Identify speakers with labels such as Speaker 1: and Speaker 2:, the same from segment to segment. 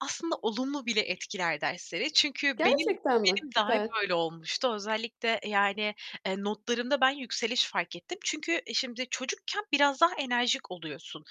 Speaker 1: Aslında olumlu bile etkiler dersleri çünkü benim
Speaker 2: Gerçekten mi?
Speaker 1: benim dahi
Speaker 2: Süper!
Speaker 1: böyle olmuştu. Özellikle, yani, eee, notlarımda ben yükseliş fark ettim. Çünkü e, şimdi çocukken biraz daha enerjik oluyorsun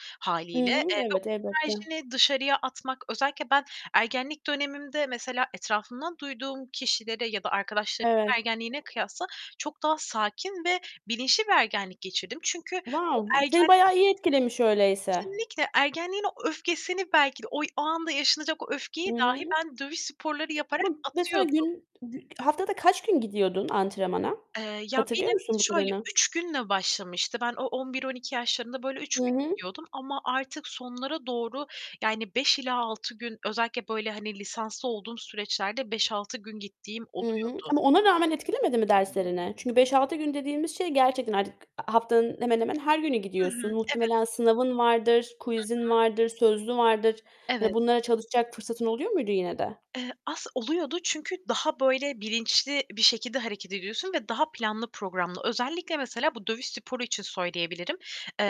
Speaker 2: I
Speaker 1: hâliyle.
Speaker 2: hı.
Speaker 1: Eee, ve o
Speaker 2: Evet, elbette.
Speaker 1: enerjini dışarıya atmak Özellikle ben ergenlik dönemimde mesela etrafımdan duyduğum kişilere ya da arkadaşlarımın
Speaker 2: Evet.
Speaker 1: ergenliğine kıyasla çok daha sakin ve bilinçli bir ergenlik geçirdim. Çünkü o
Speaker 2: Wow! B seni
Speaker 1: ergenliği
Speaker 2: bayağı iyi etkilemiş öyleyse!
Speaker 1: Kesinlikle! Ergenliğin o öfkesini belki de oy o anda yaşanacak o
Speaker 2: I
Speaker 1: öfkeyi dahi
Speaker 2: hı.
Speaker 1: ben dövüş sporları yaparak
Speaker 2: Ama, mesela
Speaker 1: atıyordum.
Speaker 2: gün gü haftada kaç gün gidiyordun antrenmana?
Speaker 1: Eee, ya,
Speaker 2: Hatırlıyor
Speaker 1: benim
Speaker 2: musun bu
Speaker 1: şöyle
Speaker 2: kadarını?
Speaker 1: 3 günle başlamıştı. Ben o 11-12 yaşlarında, böyle, 3
Speaker 2: Hı
Speaker 1: gün
Speaker 2: hı.
Speaker 1: gidiyordum ama artık sonlara doğru, yani 5 ila 6 gün özellikle, böyle, hani, lisanslı olduğum süreçlerde 5-6 gün gittiğim
Speaker 2: I hı.
Speaker 1: oluyordu.
Speaker 2: Ama ona rağmen etkilemedi mi derslerini? Çünkü 5-6 gün dediğimiz şey gerçekten artık a haftanın hemen hemen her günü
Speaker 1: Hı hı.
Speaker 2: gidiyorsun. Muhtemelen
Speaker 1: Evet.
Speaker 2: sınavın vardır,
Speaker 1: Hı
Speaker 2: quiz'in
Speaker 1: hı.
Speaker 2: vardır, sözlü vardır.
Speaker 1: Evet.
Speaker 2: Hani, bunlara çalışacak fırsatın oluyor muydu yine de?
Speaker 1: Eee, as oluyordu çünkü daha, böyle, bilinçli bir şekilde hareket ediyorsun ve daha planlı programlı. Özellikle, mesela, bu dövüş sporu için söyleyebilirim.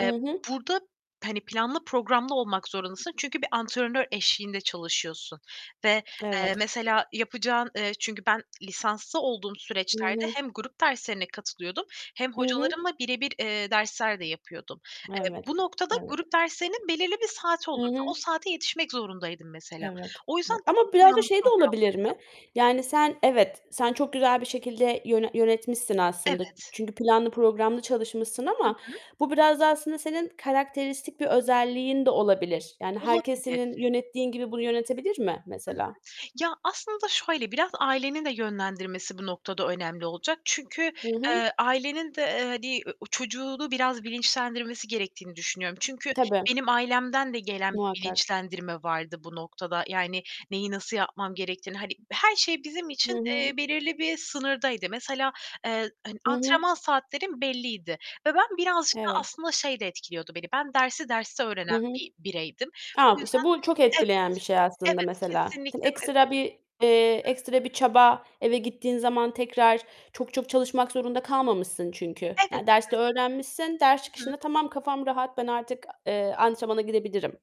Speaker 2: I hı.
Speaker 1: burada, hani, planlı programlı olmak zorundasın çünkü bir antrenör eşliğinde çalışıyorsun ve, eee,
Speaker 2: Evet.
Speaker 1: mesela yapacağın Eee, çünkü ben lisanslı olduğum
Speaker 2: I
Speaker 1: süreçlerde
Speaker 2: hı.
Speaker 1: hem grup derslerine katılıyordum hem
Speaker 2: Hı hı.
Speaker 1: hocalarımla birebir, eee, dersler de yapıyordum. Eee,
Speaker 2: Evet.
Speaker 1: bu noktada
Speaker 2: Evet.
Speaker 1: grup derslerinin belirli bir saati
Speaker 2: I
Speaker 1: olurdu. O
Speaker 2: hı.
Speaker 1: saate yetişmek zorundaydım mesela.
Speaker 2: Evet.
Speaker 1: O yüzden
Speaker 2: Evet.
Speaker 1: daha
Speaker 2: Ama biraz da
Speaker 1: planlı,
Speaker 2: şey de
Speaker 1: programlıydım.
Speaker 2: olabilir mi? Yani, sen evet, sen çok güzel bir şekilde yöne yönetmişsin aslında.
Speaker 1: Evet.
Speaker 2: Çünkü planlı programlı çalışmışsın
Speaker 1: Hı
Speaker 2: ama
Speaker 1: hı.
Speaker 2: bu biraz da aslında senin karakteristik bir özelliğin de olabilir. Yani, herkes
Speaker 1: Olabilir.
Speaker 2: senin yönettiğin gibi bunu yönetebilir mi
Speaker 1: Hı hı.
Speaker 2: mesela?
Speaker 1: Ya, aslında şöyle, biraz ailenin de yönlendirmesi bu noktada önemli olacak. Çünkü,
Speaker 2: Hı hı.
Speaker 1: eee, ailenin de, eee, hani, o çocuğunu biraz bilinçlendirmesi gerektiğini düşünüyorum. Çünkü
Speaker 2: Tabii.
Speaker 1: benim ailemden de gelen bir
Speaker 2: Muhakkak.
Speaker 1: bilinçlendirme vardı bu noktada. Yani, neyi nasıl yapmam gerektiğini hani, her şey bizim
Speaker 2: Hı
Speaker 1: için, eee,
Speaker 2: hı.
Speaker 1: belirli bir sınırdaydı. Mesela, eee, hani,
Speaker 2: I hı.
Speaker 1: antrenman saatlerim belliydi ve ben birazcık da
Speaker 2: Evet.
Speaker 1: aslında şey de etkiliyordu beni: Ben dersi derste
Speaker 2: Hı
Speaker 1: öğrenen
Speaker 2: hı.
Speaker 1: bir bireydim. Bu
Speaker 2: Tamam,
Speaker 1: yüzden
Speaker 2: işte, bu çok
Speaker 1: Evet,
Speaker 2: etkileyen bir şey aslında,
Speaker 1: evet!
Speaker 2: mesela. Seni
Speaker 1: Kesinlikle ve
Speaker 2: ekstra bir eee, ekstra bir çaba eve gittiğin zaman tekrar çok çok çalışmak zorunda kalmamışsın çünkü,
Speaker 1: Evet,
Speaker 2: yani, derste
Speaker 1: evet!
Speaker 2: öğrenmişsin, ders
Speaker 1: Hı hı.
Speaker 2: çıkışında, "Tamam, kafam rahat, ben artık, eee, antrenmana gidebilirim."